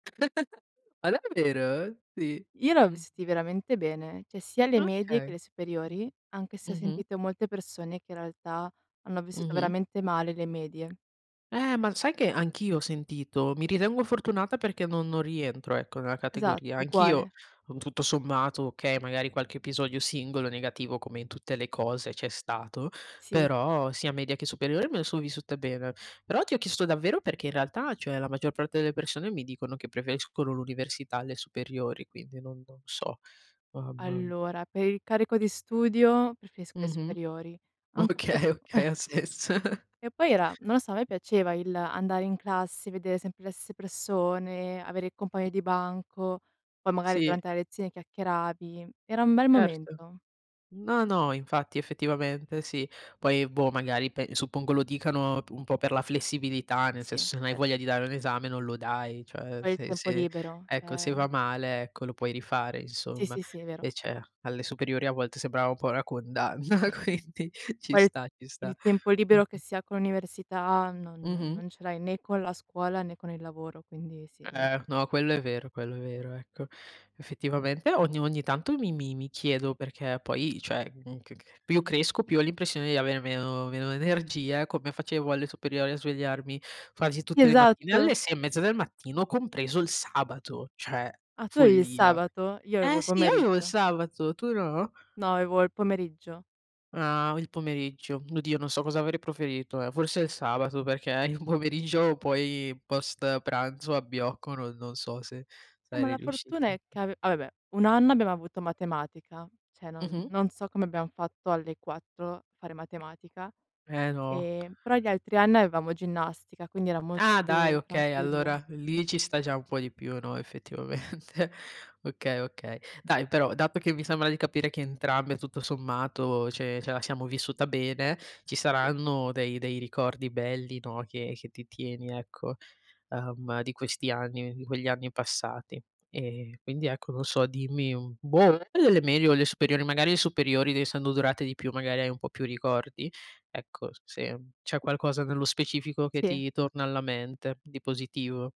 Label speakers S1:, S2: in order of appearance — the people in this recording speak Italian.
S1: Ma davvero? Sì,
S2: Io l'ho
S1: mh.
S2: vissuti veramente bene, cioè sia le medie che
S1: Okay.
S2: le superiori, anche se ho
S1: mh-mh.
S2: sentito molte persone, che in realtà hanno vissuto
S1: Mh-mh.
S2: veramente male le medie.
S1: Eh, ma sai che anch'io ho sentito? Mi ritengo fortunata perché non non rientro ecco nella
S2: Esatto,
S1: categoria. Anch'io,
S2: uguale.
S1: con tutto sommato okay, magari qualche episodio singolo negativo, come in tutte le cose c'è stato,
S2: Sì.
S1: però sia media che superiore me le sono vissute bene, però ti ho chiesto davvero perché in realtà, cioè, la maggior parte delle persone, mi dicono che preferiscono l'università alle superiori, quindi non non so, mamma.
S2: Allora, per il carico di studio preferisco le
S1: Mh-mh,
S2: superiori, anche
S1: okay, okay
S2: [unintelligible]
S1: ha senso.
S2: Che poi era non lo so, a me piaceva il andare in classe, vedere sempre le stesse persone, avere il compagno
S1: Mh.
S2: di banco, poi magari
S1: Sì.
S2: durante la lezione chiacchieravi, era un bel
S1: Certo.
S2: momento.
S1: No, no, infatti, effettivamente sì. Poi boh, magari, pe suppongo lo dicano un po' per la flessibilità, nel
S2: Sì,
S1: senso, se non hai
S2: cer
S1: voglia di dare un esame, non lo dai. Cioè,
S2: Poi il
S1: se
S2: tempo
S1: se
S2: libero,
S1: ecco se va
S2: ehm.
S1: male ecco, lo puoi rifare
S2: Sì,
S1: insomma.
S2: sì, sì, è vero.
S1: Invece alle superiori a volte sembrava un po' una condanna, quindi ci
S2: Quel
S1: sta, ci sta,
S2: il tempo libero che
S1: mh-mh.
S2: si ha con l'università, non
S1: Mh-mh.
S2: non ce l'hai né con la scuola né con il lavoro, quindi sì, è vero.
S1: Eh, no, quello è vero, quello è vero, ecco. Effettivamente ogni ogni tanto mi mi mi chiedo, perché poi cioè, mhmm, c che più cresco, più ho l'impressione di avere meno meno energia, come facevo alle superiori a svegliarmi quasi tutte le mattine
S2: Esatto.
S1: alle 6 e mezza del mattino, compreso il sabato, cioè
S2: Ah, tu avevi il
S1: follia.
S2: sabato? Io avevo
S1: Eh
S2: il
S1: sì, io avevo il
S2: pomeriggio.
S1: sabato, tu no?
S2: No, avevo il pomeriggio.
S1: Ah, il pomeriggio, oddio non so cosa avrei proferito, ehm, forse il sabato, perché il pomeriggio poi, post pranzo, abbiocco, no non so se
S2: Eh, ma
S1: sarei
S2: la fortuna
S1: riuscite.
S2: è che ave ah va beh, 1 anno abbiamo avuto matematica, cioè non
S1: Mh-mh.
S2: non so come abbiamo fatto alle 4 fare matematica,
S1: Eh, no.
S2: ehm, però gli altri anni avevamo ginnastica, quindi era molto
S1: Ah, dai,
S2: più
S1: okay,
S2: tranquillo,
S1: allora lì ci
S2: [unintelligible]
S1: sta già un po' di più, no, effettivamente. Okay, okay. Dai però, dato che mi sembra di capire che entrambe, tutto sommato, ce ce la siamo vissuta bene, ci
S2: [unintelligible]
S1: saranno dei dei ricordi belli, no, che che ti tieni ecco, ehm, di questi anni di quegli anni passati. E quindi ecco, non so, dimmi, mhmm, boh, [unintelligible] meglio le superiori, magari le superiori, d essendo durate di più, magari hai un po' più ricordi. Ecco, se c'è qualcosa nello specifico che
S2: Sì.
S1: ti torna alla mente, di positivo.